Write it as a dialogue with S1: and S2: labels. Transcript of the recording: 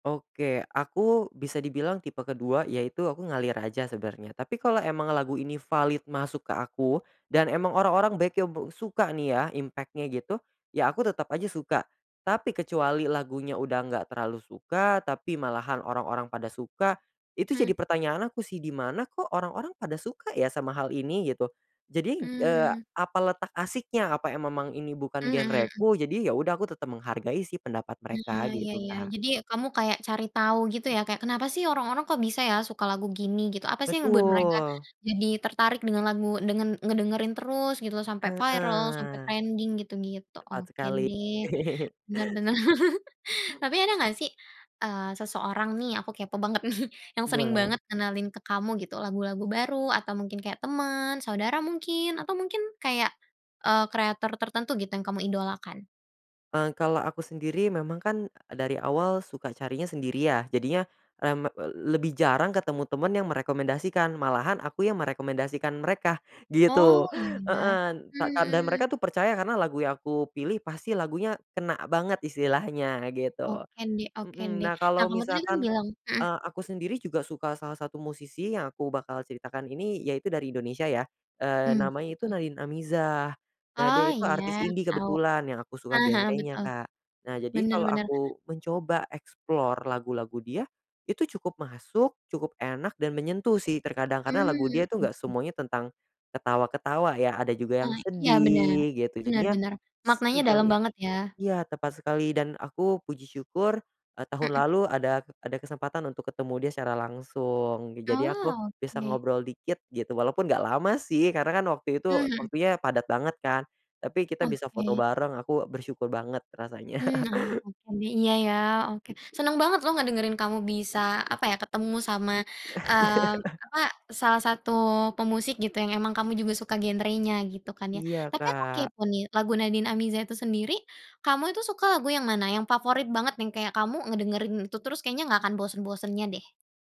S1: Oke. Aku bisa dibilang tipe ke-2 yaitu aku ngalir aja sebenarnya tapi kalau emang lagu ini valid masuk ke aku dan emang orang-orang bekyo be suka nih ya impact-nya gitu, ya aku tetap aja suka. Tapi kecuali lagunya udah nggak terlalu suka, tapi malahan orang-orang pada suka itu
S2: Mmm.
S1: jadi pertanyaan aku sih, "Dimana kok orang-orang pada suka ya sama hal ini?" Gitu. Jadi, eee,
S2: Mmm.
S1: "Apa letak asyiknya? Apa em memang ini bukan
S2: Mhm mhm.
S1: genreku?" Jadi ya udah aku tetap menghargai sih pendapat
S2: Ah,
S1: mereka
S2: iya
S1: gitu,
S2: iya.
S1: Kak.
S2: Jadi kamu kayak cari tahu gitu ya kayak, "Kenapa sih orang-orang kok bisa ya suka lagu gini?" Gitu, apa sih yang membuat mereka
S1: Betul.
S2: jadi tertarik dengan lagu, dengan ngedengerin terus gitu sampai viral, sampai
S1: Heeh.
S2: trending gitu-gitu.
S1: Tepat
S2: Oke
S1: sekali.
S2: deh. Benar benar. Tapi ada nggak sih, eee, seseorang nih aku kepo banget nih, yang sering
S1: Boleh.
S2: banget ngenalin ke kamu gitu lagu-lagu baru atau mungkin kayak teman, saudara mungkin atau mungkin kayak, eee, kreator tertentu gitu yang kamu idolakan?
S1: Eee, kalau aku sendiri memang kan dari awal suka carinya sendiri ya jadinya, mmm, e l lebih jarang ketemu teman yang merekomendasikan, malahan aku yang merekomendasikan mereka
S2: Oh,
S1: gitu.
S2: iya ya.
S1: Heeh, n
S2: Mmm,
S1: tak ka dan
S2: mhm.
S1: mereka tuh percaya karena lagu yang aku pilih pasti lagunya kena banget istilahnya gitu.
S2: Oke deh oke
S1: Mmm.
S2: deh.
S1: Nah,
S2: Nah,
S1: kalau
S2: kamu tadi kan
S1: misalkan,
S2: bilang mmm.
S1: eee, aku sendiri juga suka salah satu musisi yang aku bakal ceritakan ini yaitu dari Indonesia ya. Eee,
S2: Mmm.
S1: namanya
S2: Siapa
S1: itu
S2: tuh?
S1: Nadin Amizah. Nah, dia
S2: Oh,
S1: itu
S2: iya
S1: artis
S2: aku
S1: indie
S2: tahu.
S1: kebetulan yang aku suka
S2: Heeh heeh,
S1: genrenya,
S2: betul.
S1: Kak. Nah jadi
S2: Benar
S1: kalau
S2: benar.
S1: aku mencoba explore lagu-lagu dia itu cukup masuk, cukup enak dan menyentuh sih terkadang karena lagu dia
S2: Mmm.
S1: itu nggak
S2: Oke.
S1: semuanya tentang ketawa-ketawa ya, ada juga yang
S2: Ah, iya benar.
S1: sedih gitu.
S2: Benar
S1: Jadinya
S2: benar.
S1: s
S2: Maknanya
S1: sejauh
S2: dalam
S1: i
S2: banget ya?
S1: iya, tepat sekali dan aku puji syukur, eee, tahun
S2: Mhm.
S1: lalu ada ada kesempatan untuk ketemu dia secara langsung. Jadi aku
S2: Oh,
S1: bisa
S2: oke.
S1: ngobrol dikit gitu walaupun nggak lama sih karena kan waktu itu
S2: Mmm, mhm.
S1: waktunya padat banget kan tapi kita bisa foto
S2: Oke.
S1: bareng, aku bersyukur banget rasanya.
S2: Mmm. Ah oke deh. Iya iya, oke. Senang banget loh ngedengerin kamu bisa, apa ya? Ketemu sama, eee, apa, salah satu pemusik gitu yang emang kamu juga suka genrenya gitu kan ya.
S1: Iya,
S2: Tapi aku
S1: Kak.
S2: kepo nih lagu Nadin Amizah itu sendiri, kamu itu suka lagu yang mana? Yang favorit banget nih, yang kayak kamu ngedengerin itu terus, kayaknya nggak akan bosan-bosannya deh?